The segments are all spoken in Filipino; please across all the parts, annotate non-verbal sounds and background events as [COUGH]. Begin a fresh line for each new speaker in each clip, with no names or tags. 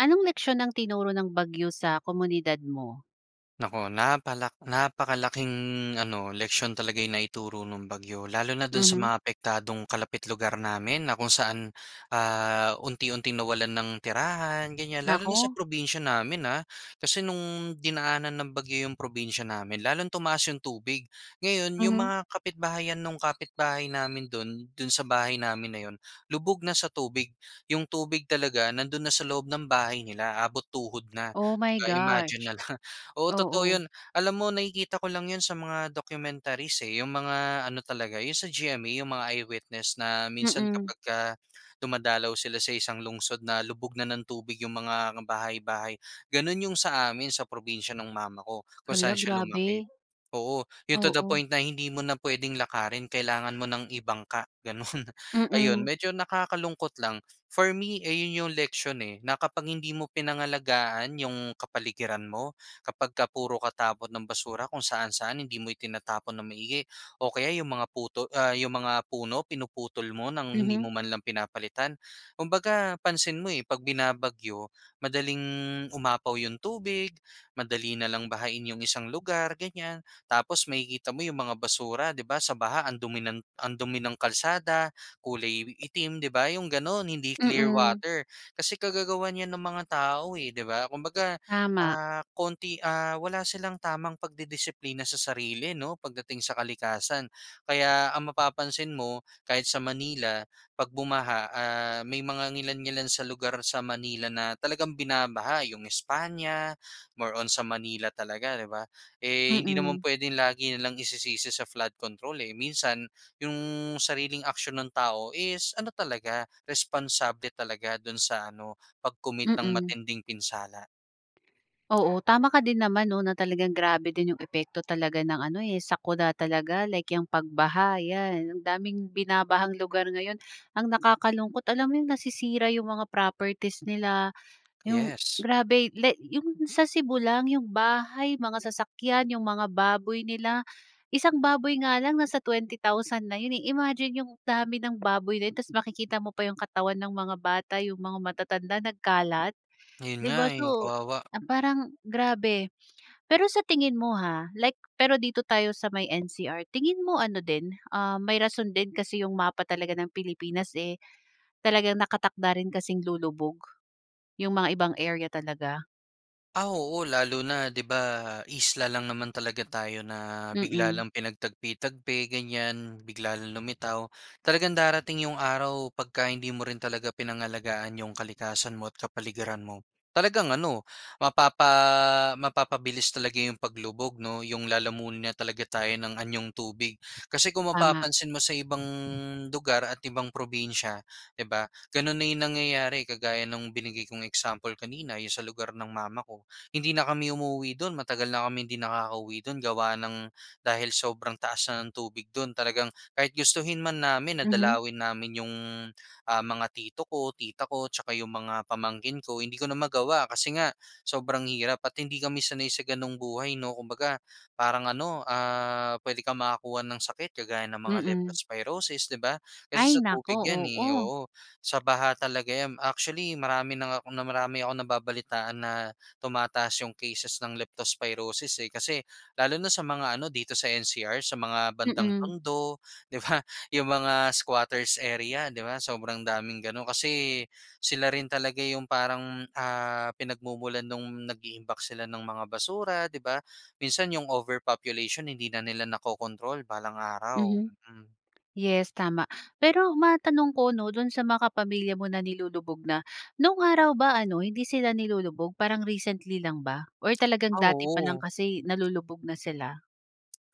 Anong leksiyon ang tinuro ng bagyo sa komunidad mo?
Naku, napala napakalaking ano, leksiyon talaga 'yong naituro no'ng bagyo. Lalo na do'n sa
Mhm.
mga apektadong kalapit lugar namin na kung saan ah, unti-unting nawalan ng tirahan ganyan. Lalo na sa
Naku.
probinsiya namin ah. Kasi no'ng dinaanan ng bagyo 'yong probinsiya namin lalong tumaas 'yong tubig. Ngayon 'yong
Mhm.
mga kapitbahayan no'ng kapitbahay namin do'n, do'n sa bahay namin na 'yon, lubog na sa tubig. 'Yong tubig talaga nando'n na sa loob ng bahay nila, abot tuhod na,
Oh
'di
my
ba? Imagine
gosh.
na lang. Oo, totoo
Oo.
'yon. Alam mo nakikita ko lang 'yon sa mga documentaries, eh. 'Yong mga ano talaga 'yong sa GMA, 'yong mga I-Witness na minsan
Mm.
kapag ka dumadalaw sila sa isang lungsod na lubog na ng tubig 'yong mga bahay-bahay. Gano'n 'yong sa amin sa probinsiya no'ng mama ko, kung
Hala
saan siya lumaki.
grabe.
Oo, 'yong to the
Oo.
point na hindi mo na puwedeng, lakarin kailangan mo nang ibangka gano'n. Ayun
Mm.
medyo nakakalungkot lang. For me ayon, 'yong leksyon eh, na kapag hindi mo pinangalagaan 'yong kapaligiran mo, kapag ka puro ka tapon ng basura kung saan-saan, hindi mo itinatapon nang maigi o kaya 'yong mga puto ah, 'yong mga puno pinuputol mo ng hindi
Mhm.
mo man lang pinapalitan. Kumbaga pansin mo eh, 'pag binabagyo madaling umapaw 'yong tubig, madali na lang bahain 'yong isang lugar, ganyan. Tapos makikita mo 'yong mga basura 'di ba, sa baha ang dumi ng ang dumi ng kalsada, kulay itim, 'di ba, 'yong gano'n hindi clear
Mm.
water. Kasi kagagawan 'yan ng mga tao, eh, 'di ba? Kumbaga
Tama.
ah, konti ah wala silang tamang pagdidisiplina sa sarili 'no, pagdating sa kalikasan. Kaya ang mapapansin mo kahit sa Manila, 'pag bumaha ah, may mga ngilan-ngilan sa lugar sa Manila na talagang binabaha, 'yong España, more on sa Manila talaga, 'di ba? Eh, hindi naman
Mm.
puwedeng lagi na lang isisisi sa flood control, eh. Minsan 'yong sariling aksyon ng tao is ano talaga, responsable talaga do'n sa ano, sa pag-commit ng
Mm.
matinding pinsala.
Oo, tama ka din naman 'no, na talagang grabe din yung epekto talaga ng ano, eh, sakuna talaga like, yung pag-baha 'yan, ang daming binabahang lugar ngayon. Ang nakakalungkot alam mo, yung nasisira yung mga properties nila, yung
Yes.
grabe like yung sa Cebu lang, yung bahay, mga sasakyan, yung mga baboy nila. Isang baboy nga lang nasa sa 20,000 na 'yon, eh, imagine yung dami ng baboy na 'yon, tas makikita mo pa yung katawan ng mga bata, yung mga matatanda nagkalat.
'Yon
'Di
nga
ba
eh,
so,
kawawa.
ah, parang grabe. Pero sa tingin mo ha, like pero dito tayo sa may NCR tingin mo ano din, ah, may rason din kasi 'yong mapa talaga ng Pilipinas eh, talagang nakatakda rin kasing lulubog. 'Yong mga ibang area talaga?
Ah, oo. Lalo na 'di ba, isla lang naman talaga tayo na bigla
Mm.
lang pinagtagpi-tagpi ganiyan, bigla lang lumitaw. Talagang darating 'yong araw 'pagka hindi mo rin talaga pinangalagaan 'yong kalikasan mo at kapaligiran mo talagang ano mapapa mapapabilis talaga 'yong paglubog 'no, 'yong lalamunin na talaga tayo ng anyong tubig. Kasi kung
Tama.
mapapansin mo sa ibang lugar at ibang probinsiya, 'di ba, gano'n na 'yong nangyayari kagaya nung binigay kong example kanina, 'yong sa lugar ng mama ko, hindi na kami umuuwi do'n matagal na kami hindi nakakauwi do'n gawa ng dahil sobrang taas na ng tubig do'n talagang kahit gustuhin man namin na
Mhm.
dalawin namin 'yong, ah, mga tito ko, tita ko, tsaka 'yong mga pamangkin ko, hindi ko na magawa kasi nga sobrang hirap at hindi kami sanay sa ganong buhay 'no. Kumbaga parang ano ah, puwede kang makakuha ng sakit kagaya ng mga
Mm.
leptospirosis, 'di ba, kasi
Ay,
sa
naku
tubig 'yan eh,
oo.
oo, sa baha talaga 'yan. Actually, marami na nga 'kong marami akong nababalitaan na, tumataas 'yong cases ng leptospirosis eh, kasi lalo na sa mga ano dito sa NCR sa mga bandang
Mm.
Tondo, 'di ba? 'Yong mga squatters area, 'di ba, sobrang daming gano'n, kasi sila rin talaga 'yong parang, ah, pinagmumulan no'ng nag-iimbak sila ng mga basura, 'di ba? Minsan 'yong overpopulation hindi na nila nako-control balang araw,
Mhm.
mm.
Yes tama. Pero matanong ko 'no, do'n sa mga pamilya mo na nilulubog na. No'ng araw ba ano hindi sila nilulubog parang recently lang ba? Or talagang
Ah,
dati pa lang
oo.
kasi nalulubog na sila?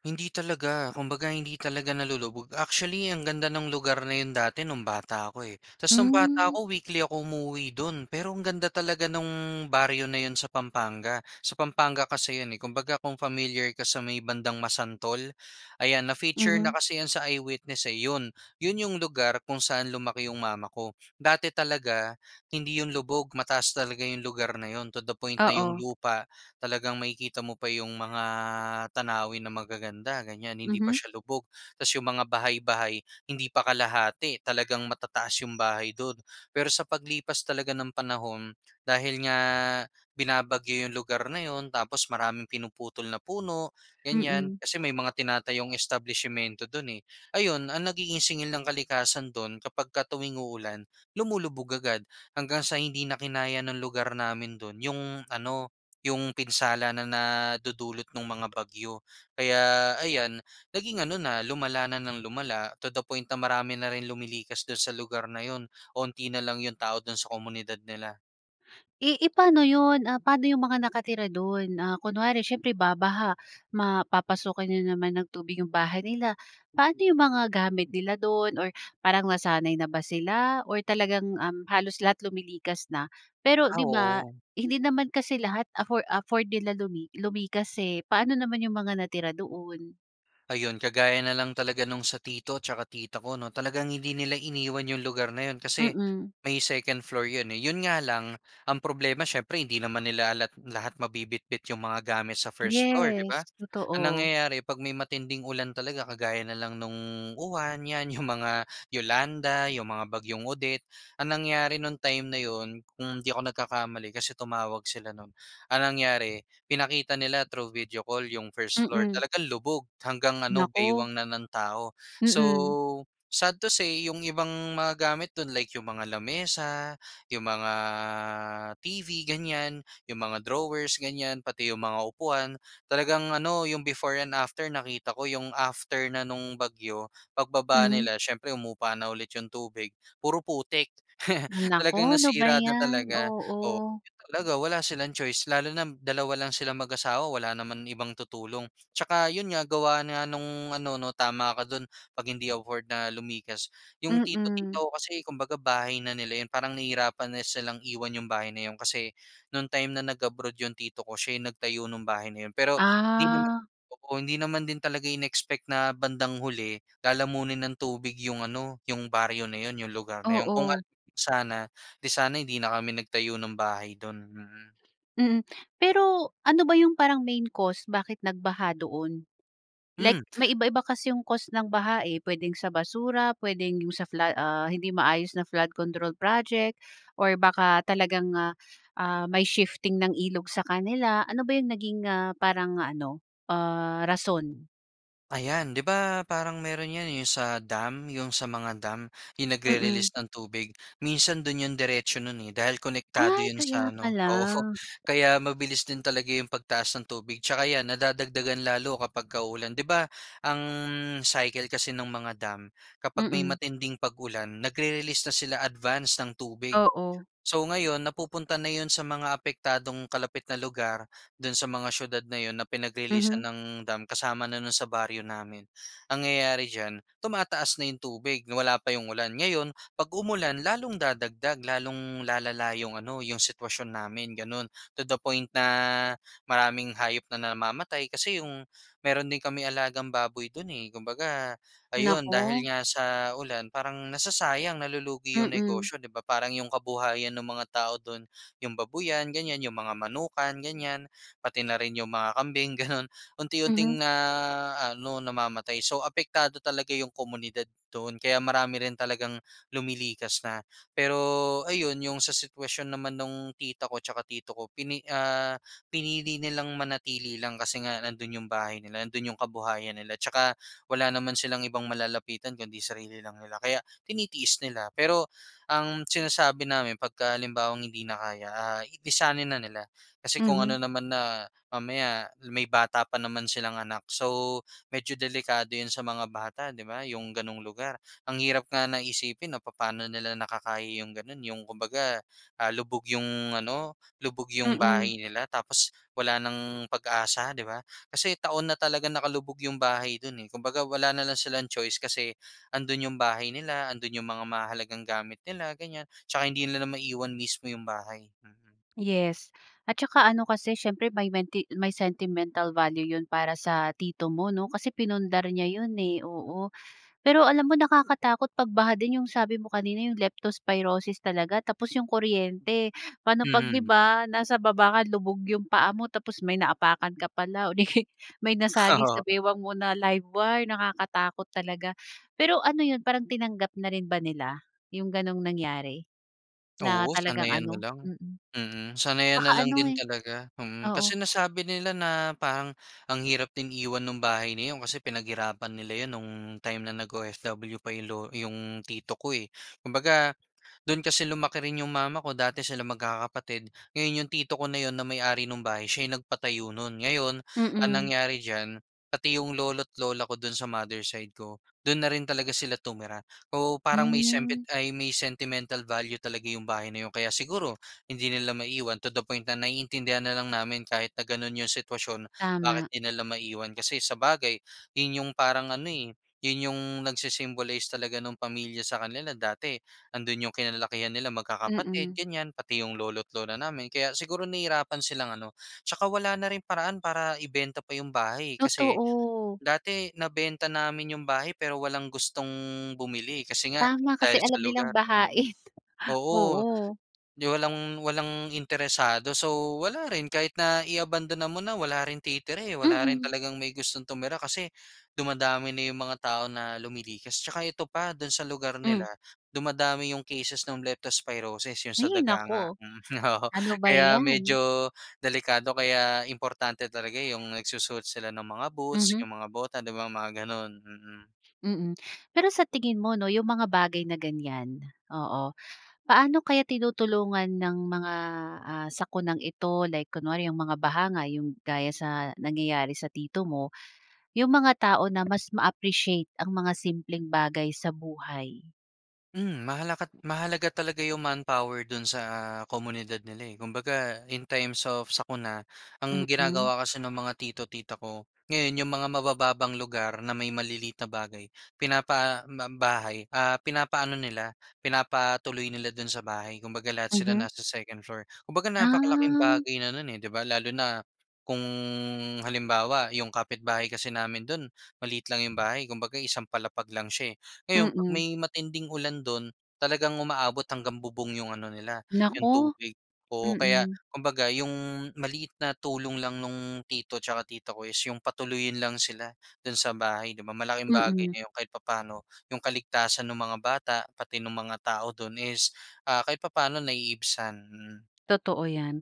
Hindi talaga! Kumbaga, hindi talaga nalulubog. Actually, ang ganda ng lugar na yun dati nung bata ako, eh. Ta's nung bata
Mm.
ako, weekly ako umuuwi dun. Pero, ang ganda talaga nung baryo na yun sa Pampanga. Sa Pampanga kasi yun, eh. Kumbaga, kung familiar ka sa may bandang Masantol, ayan, na-feature na
Mhm.
kasi 'yan sa Eyewitness, eh. Yun, yun yung lugar kung saan lumaki yung mama ko. Dati talaga hindi yun lubog, mataas talaga yung lugar na yun, to the point na yung
Oo.
lupa talagang makikita mo pa yung mga tanawin na magaganda, ganyan. Hindi pa
Mhm.
siya lubog. Tas, yung mga bahay-bahay, hindi pa kalahati. Talagang matataas yung bahay do'n. Pero sa paglipas talaga ng panahon, dahil nga binabagyo yung lugar na 'yon, tapos maraming pinuputol na puno, ganyan.
Mm.
Kasi may mga tinatayong establisimento do'n, eh. Ayun ang nagiging singil ng kalikasan do'n kapagka tuwing uulan, lumulubog agad. Hanggang sa hindi na kinaya ng lugar namin do'n, yung ano, yung pinsala na nadudulot nung mga bagyo. Kaya ayan naging ano na, lumala na nang lumala, to the point na, marami na rin lumilikas do'n sa lugar na 'yon. Kaunti na lang yung mga tao do'n sa komunidad nila.
Eh eh pano yun, ah, paano yung mga nakatira dun. Ah kunwari syempre babaha, mapapasukan na naman ng tubig yung bahay nila. Paano yung mga gamit nila dun or parang nasanay na ba sila, or talagang, um, halos lahat lumilikas na? Pero,
Ah
'di ba,
oo.
hindi naman kasi lahat affo afford nila lumi lumikas eh, paano naman yung mga natira doon?
Ayun, kagaya na lang talaga no'ng sa tito tsaka tita ko 'no. Talagang hindi nila iniwan 'yong lugar na 'yon, kasi
Mm.
may 2nd floor 'yon eh. 'Yon nga lang, ang problema syempre hindi naman nila lahat lahat mabibitbit 'yong mga gamit sa first 1st floor, 'di ba.
Yes,
Ang
totoo.
nangyayari, 'pag may matinding ulan talaga kagaya na lang no'ng Uwan, 'yan 'yong mga [CHUCKLES] Yolanda, 'yong mga bagyong Odette. Ang nangyari no'ng time na 'yon, kung hindi ako nagkakamali kasi tumawag sila no'n. Ang nangyari, pinakita nila through video call 'yong 1st floor,
Mm.
talagang lubog, hanggang ano
Naku.
baywang na ng tao. So,
Mm.
sad to say, 'yong ibang mga gamit do'n, like 'yong mga lamesa, 'yong mga TV ganyan, 'yong mga drawers ganyan, pati 'yong mga upuan. Talagang ano, 'yong before and after nakita ko, 'yong after na no'ng bagyo, pagbaba
Mhm.
nila syempre humupa na ulit 'yong tubig, puro putik. [CHUCKLES]
Naku,
Talagang
ano ba
nasira na
yan,
talaga, oo.
oo.
Ganun talaga wala silang choice, lalo na dalawa lang silang mag-asawa, wala naman ibang tutulong. Tsaka 'yon nga, gawa nga nung ano 'no, tama ka do'n, 'pag hindi afford na lumikas. 'Yong tito, tita
Mm.
ko kasi, kumbaga bahay na nila 'yon. Parang nahihirapan na silang iwan 'yong bahay na 'yon, kasi no'ng time na nag-abroad 'yong tito ko, siya yung nagtayo ng bahay na 'yon. Pero hindi naman,
Ah.
oo, hindi naman din talaga inexpect na bandang huli, lalamunin ng tubig 'yong ano, 'yong baryo na 'yon, 'yong lugar na 'yon. Kung alam
Oo.
lang sana, 'di sana, hindi na kami nagtayo ng bahay do'n. Mm.
Mm, pero, ano ba 'yong parang main cause bakit nagbaha doon? Like,
Hmm.
may iba-iba kasi 'yong cause ng baha eh. Puwedeng sa basura, puwedeng 'yong sa fla ah hindi maayos na flood control project, or baka talagang ah, ah, may shifting ng ilog sa kanila. Ano ba 'yong naging ah parang ano, ah, rason?
Ayan. 'Di ba parang meron 'yan eh, yung sa dam. Yung sa mga dam, yung
Mm.
nag-re-release ng tubig. Minsan do'n yung diretso no'n, eh, dahil konektado
Ay,
'yon
kaya
sa ano,
pala.
oo, kaya mabilis din talaga yung pagtaas ng tubig 'tsaka 'yan nadadagdagan lalo kapagka uulan. 'Di ba ang cycle kasi ng mga dam, kapag may
Mm.
matinding pag-ulan, nag-re-release na sila advanced ng tubig.
Oo.
So ngayon, napupunta na yun sa mga apektadong kalapit na lugar, dun sa mga siyudad na yun na pinag-releasan
Mhm.
ng dam kasama na nun sa baryo namin. Nangyayari diyan, tumataas na yung tubig, wala pa yung ulan. Ngayon, 'pag umulan, lalong dadagdag, lalong lalala yung ano, yung sitwasyon namin, gano'n. To the point na maraming hayop na namamatay kasi yung mayro'n din kaming alagang baboy do'n eh. Kumbaga, ayun, dahil
Naku.
nga sa ulan parang nasasayang, nalulugi yung
Mm.
negosyo, 'di ba? Parang yung kabuhayan ng mga tao do'n, yung babuyan, ganyan. Yung mga manukan, ganyan. Pati na rin yung mga kambing, ganun,
Mhm.
unti-unting naaano, namamatay. So, apektado talaga yung komunidad doon. Kaya marami rin talagang lumilikas na. Pero ayun, yung sa sitwasyon naman nung tita ko 'tsaka tito ko, pini ah, pinili nilang manatili lang kasi nga nandun yung bahay nila, nandun yung kabuhayan nila. 'Tsaka wala naman silang ibang malalapitan kundi sarili lang nila, kaya tinitiis nila. Pero ang sinasabi namin pagka halimbawang hindi na kaya, ah, lisanin na nila. Kasi kung ano
Mhm.
naman na mamaya may bata pa naman silang anak. So, medyo delikado 'yon sa mga bata, 'di ba, yung gano'ng lugar. Ang hirap nga na isipin 'no, papaano nila nakakaya yung gano'n, yung kumbaga, ah, lubog yung ano, lubog yung
Mm.
bahay nila tapos wala ng pag-asa, 'di ba? Kasi taon na talagang nakalubog yung bahay dun eh. Kumbaga, wala na lang silang choice kasi 'andun yung bahay nila, andun yung mga mahahalagang gamit nila, ganyan, 'tsaka hindi nila na maiwan mismo yung bahay, mm.
Yes. At saka ano kasi siyempre may menti may sentimental value 'yon para sa tito mo 'no, kasi pinundar niya 'yon eh, oo. Pero alam mo, nakakatakot 'pag baha din yung sabi mo kanina yung Leptospirosis talaga tapos yung kuryente. Paano 'pag 'di
Mhm.
ba, nasa baba ka, lubog yung paa mo tapos may naapakan ka pala o 'di kaya'y may nasagi sa
Oo.
bewang mo na live wire, nakakatakot talaga. Pero ano 'yon, parang tinanggap na rin ba nila yung gano'ng nangyari na
Oo,
talagang
sanayan na
ano?
lang,
Mm.
mm. Sanayan na
Saka
lang
ano
din
eh
talaga, mm.
oo.
Kasi nasabi nila na parang ang hirap din iwan nung bahay na 'yon kasi pinaghirapan nila 'yon no'ng time na nag-OFW pa yung lo yung tito ko eh. Kumbaga, do'n kasi lumaki rin yung mama ko, dati silang magkakapatid. Ngayon, yung tito ko na 'yon na may-ari nung bahay, siya yung nagpatayo no'n. Ngayon, ang
Mm.
nangyari diyan, pati yung lolo't lola ko do'n sa mother side ko, do'n na rin talaga sila tumira. Oo, parang may semti
Hmm.
ay, sentimental value talaga yung bahay na yun. Kaya siguro hindi nila maiwan, to the point na naiintindihan na lang namin kahit na gano'n yung sitwasyon, bakit
Tama.
hindi 'di nila maiwan. Kasi sabagay, 'yon yung parang ano eh, 'yon yung nagsi-symbolize talaga nung pamilya sa kanila. Dati andun yung kinalakihan nila, magkakapatid,
Mm.
ganyan, pati yung lolo't lola namin. Kaya siguro nahihirapan silang ano, 'tsaka wala na rin paraan para ibenta pa yung bahay eh. Kasi
Totoo.
dati nabenta namin yung bahay, pero walang gustong bumili kasi nga
Tama, kasi
dahil sa
alam nilang
lugar, mm.
bahain. [LAUGHS]
Oo,
Oo.
'di walang walang interesado. So, wala rin. Kahit na iabandona mo na, wala ring titira eh, wala rin
Mm.
talagang may gustong tumira kasi dumadami na yung mga tao na lumilikas. 'Tsaka ito pa, do'n sa lugar nila,
Hmm.
dumadami yung cases nung Leptospirosis, yung sa
Hay
daga nga.
naku.
Oo,
Ano ba
kaya
'yan.
medyo delikado. Kaya importante talaga yung nagsusuot sila ng mga boots,
Mhm.
yung mga bota, 'di ba, mga gano'n. Mm.
Mm. Pero sa tingin mo 'no, yung mga bagay na ganyan, oo. Paano kaya tinutulungan ng mga, ah, sakunang ito, like kunwari, yung mga baha nga yung gaya sa nangyayari sa tito mo, yung mga tao na mas ma-appreciate ang mga simpleng bagay sa buhay?
Hmm, mahala mahalaga talaga 'yong manpower do'n sa, komunidad nila eh kumbaga in times of sakuna, ang
Mm.
ginagawa kasi ng mga tito, tita ko, ngayon 'yong mga mabababang lugar na may maliliit na bagay pinapa, ba bahay, ah, pinapaano nila, pinapatuloy nila do'n sa bahay kumbaga lahat sila
Mhm.
nasa second 2nd floor. Kumbaga napakalaking
Ah.
bagay na non, eh, 'di ba? Lalo na kung, halimbawa 'yong kapitbahay kasi namin do'n maliit lang 'yong bahay kumbaga isang palapag lang siya, eh. Ngayon 'pag
Mm.
may matinding ulan do'n talagang umaabot hanggang bubong 'yong ano nila 'yong
Naku!
tubig. Oo kaya
Mm.
kumbaga 'yong, maliit na tulong lang no'ng tito tsaka tita ko is 'yong patuluyin lang sila do'n sa bahay 'di ba malaking bagay
Mm.
na 'yong kahit papaano 'yong kaligtasan nung mga bata pati nung mga tao do'n is, ah, kahit papa'no naiibsan hmm.
Totoo yan.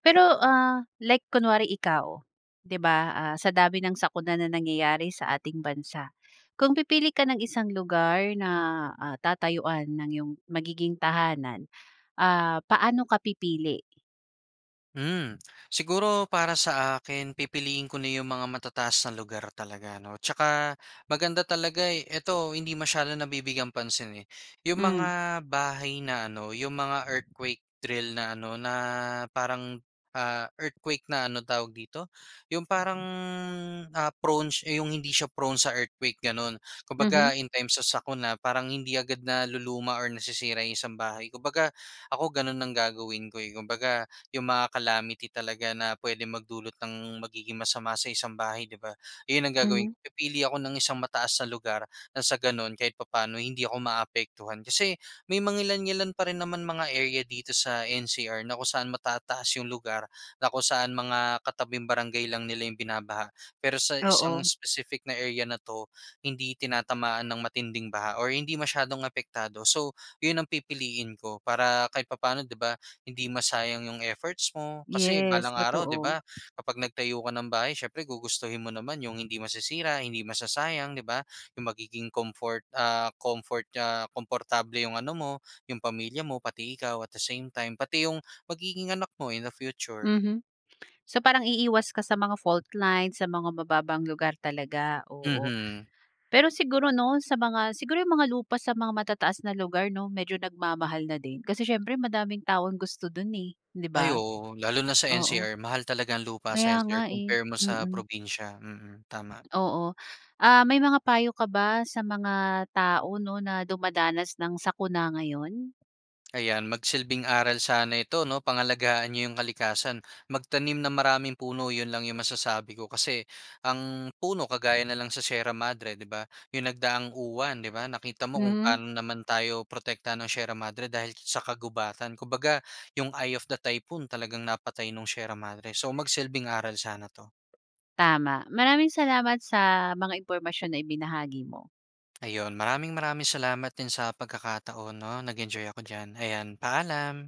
Pero ah, like kunwari ikaw 'di ba? Ah, sa dami ng sakuna na nangyayari sa ating bansa. Kung pipili ka ng isang lugar na, ah, tatayuan ng yung magiging tahanan, ah, paano ka pipili?
Hmm, siguro para sa akin pipiliin ko na yung mga matataas na lugar talaga ano. Tsaka, maganda talaga, eh, ito hindi masyado nabibigyang pansin eh. Yung
Hmm.
mga bahay na ano, yung mga earthquake drill na ano, na parang, ah, earthquake na ano, tawag dito, yung parang ah prone hindi siya prone sa earthquake, gano'n.
Mhm.
Kumbaga in times sa sakuna, parang hindi agad naluluma or nasisira yung isang bahay. Kumbaga, ako gano'n ang gagawin ko eh. Kumbaga, yung mga calamity talaga na puwedeng magdulot ng magiging masama sa isang bahay, 'di ba. Yun ang gagawin
Mhm.
ko, pipili ako ng isang mataas na lugar nang sa gano'n, kahit papaano hindi ako maaapektuhan. Kasi, may mangilan-ngilan pa rin naman mga area dito sa NCR na kung saan matataas yung lugar, na kung saan mga katabing barangay lang nila yung binabaha. Pero sa isang
Oo.
specific na area na 'to hindi tinatamaan ng matinding baha or hindi masyadong apektado. So, yun ang pipiliin ko. Para kahit papano 'di ba, hindi masayang yung efforts mo. Kasi,
Yes,
balang araw 'di
totoo.
ba, kapag nagtayo ka ng bahay siyempre gugustuhin mo naman yung hindi masisira, hindi masasayang, 'di ba. Yung magiging comfort, ah, comfort ah, komportable yung ano mo, yung pamilya mo, pati ikaw at the same time, pati yung magiging anak mo in the future.
Mhm. So, parang iiwas ka sa mga faultline, sa mga mababang lugar talaga. Oo.
Mhm.
Pero siguro 'no sa mga siguro yung mga lupa sa mga matataas na lugar 'no medyo nagmamahal na din. Kasi, siyempre madaming taong gusto do'n eh, 'di
Ay,
ba.
oo. Lalo na sa
Oo.
NCR mahal talagang lupa sa
Kaya
NCR,
nga eh.
compare mo sa
Mm.
probinsiya. Mm tama.
Oo. Ah, may mga payo ka ba sa mga tao 'no na dumadanas ng sakuna ngayon?
Ayan, magsilbing aral sana ito 'no. Pangalagaan n'yo yung kalikasan, magtanim ng maraming puno. Yun lang yung masasabi ko. Kasi, ang puno, kagaya nalang sa Sierra Madre 'di ba, yung nagdaang Uwan 'di ba, nakita mo kung
Mhm.
paano naman tayo protektahan ng Sierra Madre dahil sa kagubatan. Kumbaga, yung eye of the typhoon, talagang napatay nung Sierra Madre. So, magsilbing aral sana 'to.
Tama, maraming salamat sa mga impormasyon na ibinahagi mo.
Ayun, maraming maraming salamat din sa pagkakataon 'no. Nag-enjoy ako diyan. Ayan. Paalam!